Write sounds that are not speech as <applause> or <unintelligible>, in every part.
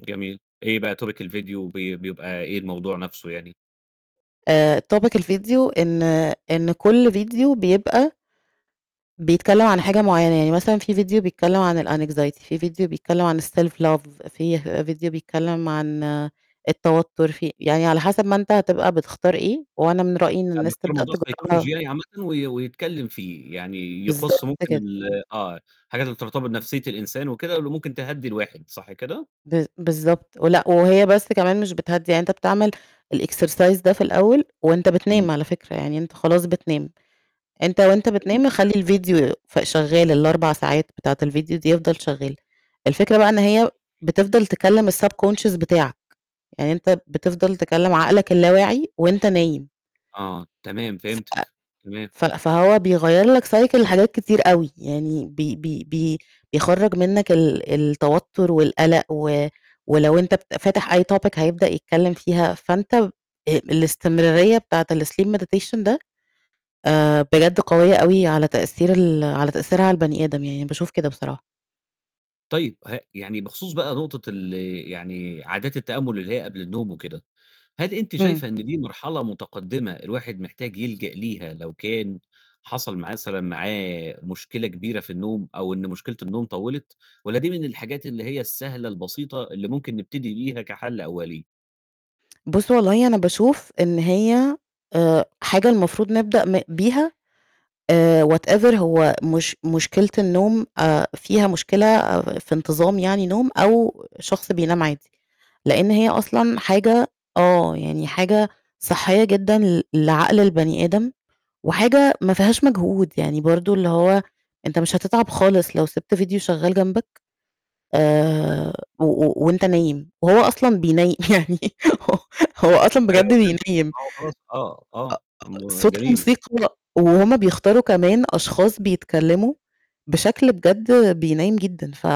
جميل. إيه بقى topic الفيديو، بي بيبقى إيه الموضوع نفسه يعني؟ آآ topic الفيديو إن إن كُل فيديو بيبقى بيتكلم عن حاجة معيّنة، يعني مثلًا في فيديو بيتكلم عن الAnxiety في فيديو بيتكلم عن الSelf love فيه فيديو بيتكلم عن التوتر، في يعني على حسب ما أنت هتبقى بتختار إيه، وأنا من رأيي إن آآ الناس بيختار تبدأ موضوع psychology تجربها. يعني عامةً وي يتكلم فيه، يعني يخص بالضبط ممكن كده. ال آه، حاجات بترتبط بنفسية الإنسان وكده، اللي ممكن تهدِّي الواحد، صح كده؟ ب بالضبط. ولأ، وهي بس كمان مش بتهدِّي، يعني أنت بتعمل الexercise ده في الأول، وأنت امم. بتنام على فكرة، يعني أنت خلاص بتنام. أنت وأنت جميل. بتنام خلّي فعلًا. الفيديو ف شغال، ال4 ساعات بتاعة الفيديو دي يفضل شغال. الفكرة بقى إن هي أوكي. بتفضل تكلم الSubconscious بتاعك، يعني أنت بتفضل تكلم عقلك اللا واعي وأنت نايم. آه، تمام ف فهمتِك، تمام. ف فهو بيغيّر لك cycle لحاجات كتير أوي، يعني بي بي بي بيخرّج منك ال التوتر والقلق و ولو أنت بت فاتح أي topic هيبدأ يتكلم فيها، فانت آآ الاستمرارية بتاعة الSleep Meditation ده آآ بجد قوية أوي على تأثير ال على تأثيرها على البني آدم، يعني باشوف كده بصراحة. طيب، ه يعني بخصوص بقى نقطة ال يعني عادات التأمل اللي هي قبل النوم وكده. هل أنتِ امم. شايفة إن دي مرحلة متقدمة الواحد محتاج يلجأ ليها لو كان حصل مثلًا معاه مشكلة كبيرة في النوم، أو إن مشكلة النوم طوِّلت؟ والّا دي من الحاجات اللي هي السهلة البسيطة اللي ممكن نبتدي بيها كَحَل أولِي؟ <tsk> بُص والله أنا باشوف إن هي آآ حاجة المفروض نبدأ م بيها، آآ whatever هو مش مشكلة النوم آآ فيها مشكلة في انتظام يعني نوم أو شخص بينام عادي، لأن هي أصلًا تمام. حاجة آه يعني حاجة صحّية جدًا ل لعقل البني آدم، وحاجة ما فيهاش مجهود، يعني برضو اللي هو أنت مش هتتعب خالص لو سِبت فيديو شغال جنبك، <unintelligible> آآ و و وأنت نايم، وهو أصلًا بينيِّ يعني، هو هو أصلًا بجد أيوة فهمتِك، بينِّيم. آه، <unintelligible> آه، آه م صوت جميل. الموسيقى، وهُم بيختاروا كمان أشخاص بيتكلموا بشكل بجد بينيِّم جدًا، ف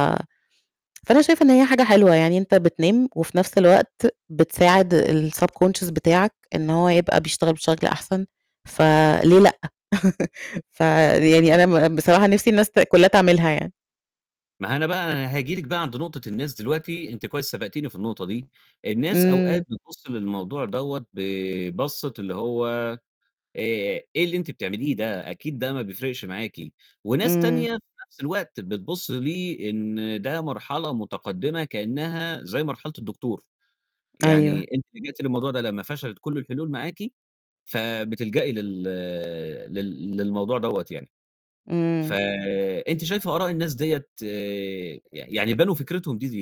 فأنا شايفة إن هي حاجة حلوة، يعني أنت بتنام، وفي نفس الوقت بتساعد الSubconscious بتاعك إن هو يبقى بيشتغل بشكل أحسن، فليه لأ؟ <laughs> فيعني حلو أنا م جدًا. بصراحة نفسي الناس ت كلّها تعملها يعني. ما هو أنا بقى هاجي لِك بقى عند نقطة الناس دلوقتي، أنتِ كويس سبقتيني في النقطة دي. الناس أوقات امم. بتبُص للموضوع دَوَّة ببصّة اللي هو آآ "إيه اللي أنتِ بتعمليه ده؟ أكيد ده ما بيفرقش معاكِ". وناس امم. تانية في نفس الوقت بتبُص ليه إن ده مرحلة متقدمة كأنها زي مرحلة الدكتور. يعني أيوه. أنتِ لجأتِ للموضوع ده لمّا فشلت كُل الحلول معاكِ، فبتلجأي لل لل للموضوع دَوَّة يعني. ف امم. أنتِ شايفة آراء الناس دِيَّة ي يعني بنوا فكرتهم دي ليه؟